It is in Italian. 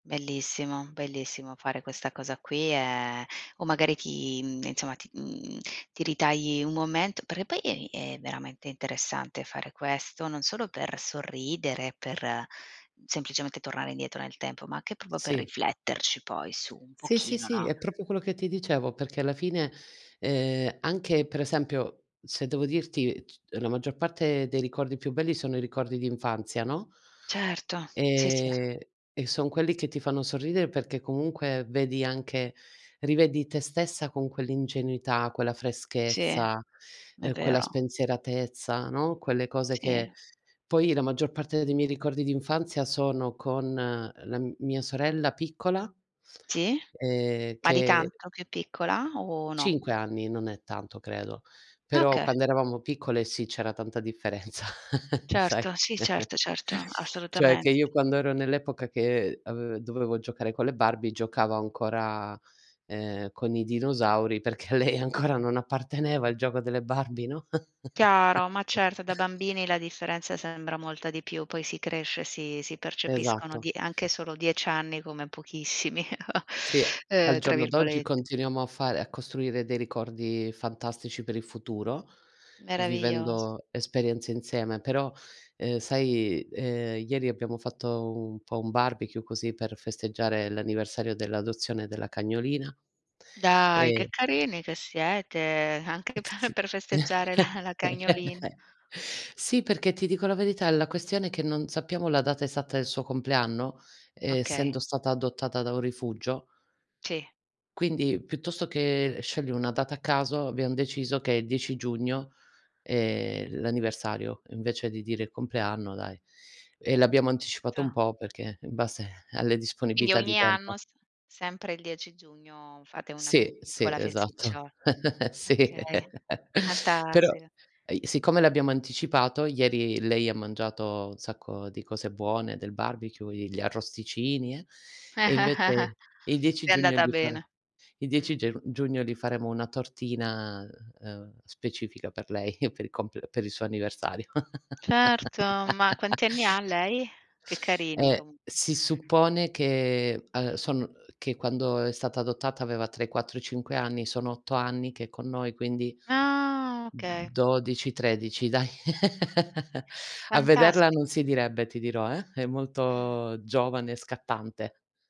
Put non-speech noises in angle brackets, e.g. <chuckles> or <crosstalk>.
Bellissimo, bellissimo, fare questa cosa qui è o magari ti mhmm, insomma, ti mhmm, ti ritagli un momento, perché poi, ehm, è veramente interessante fare questo, non solo per sorridere, per semplicemente tornare indietro nel tempo, ma anche proprio per Sì. rifletterci poi su un Sì, sì, pochino, sì, no? è proprio quello che ti dicevo, perché alla fine, ehm, anche per esempio, se devo dirti c la maggior parte dei ricordi più belli, sono i ricordi d'infanzia, no? Certo, sì, sì. Ehm e son quelli che ti fanno sorridere, perché comunque, vedi anche rivedi te stessa, con quell'ingenuità, quella Sì, freschezza, è uhm, quella vero. spensieratezza, no, quelle cose Sì. che poi la maggior parte dei miei ricordi d'infanzia, sono con, uhm, la mia sorella piccola Sì? ehm Ma di che tanto più piccola o no? 5 anni non è tanto credo, però Okay. quando eravamo piccole sì, c'era tanta differenza, <chuckles> sai. Certo, sì, <chuckles> certo, certo, Cioè assolutamen che io quando ero nell'epoca che ave dovevo giocare con le Barbie giocavo ancora, ehm, con i dinosauri, perché a lei ancora non apparteneva il gioco delle Barbie, no? Chiaro, ma certo, da <chuckles> bambini la differenza sembra molta di più, poi si cresce, si si percepiscono Esatto. di anche solo 10 anni come "pochissimi", <chuckles> Sì, al uhm, tra giorno d'oggi, virgolet continuiamo a fare a costruire dei ricordi fantastici per il futuro, Meraviglioso. vivendo esperienze insieme. Però, uhm, sai, uhm, ieri abbiamo fatto un po' un barbecue, così per festeggiare l'anniversario dell'adozione della cagnolina, Dai che ehm carini che siete, anche S p sì. per festeggiare la la <chuckles> cagnolina. Sì, perché ti dico la verità, la questione è che non sappiamo la data esatta del suo compleanno, uhm, Okay. essendo stata adottata da un rifugio Ci quindi, piuttosto che scegliere 1 data a caso, abbiam deciso che 10 giugno, ehm, l'anniversario, invece di dire il compleanno, dai. E l'abbiamo anticipato un Certo. po', perché in base alle Quindi disponibilità di ogni tempo. anno, s sempre il 10 giugno, fate una fe Sì, sì, piccola esatto. festiccio <laughs> Sì, okay, <laughs> però fantastica. e i siccome l'abbiamo anticipato, ieri lei ha mangiato un sacco di cose buone del barbecue, gli arrosticini e e <chuckles> invece il 10 È giugno, andata gli fare bene. il 10 Mh. geu giugno gli faremo una tortina, uhm, specifica per lei, <chuckles> per il compl per il suo anniversario. Certo, ma <laughs> quanti anni ha lei? Che carini, Eh, comu si suppone che, uhm, sono che quando è stata adottata, aveva tra i 4 e i 5 anni, sono 8 anni che è con noi, quindi Ah, okay. 12, 13 dai. <chuckles> A vederla Fantastico. non si direbbe, ti dirò, eh, è Mh. molto giovane e scattante.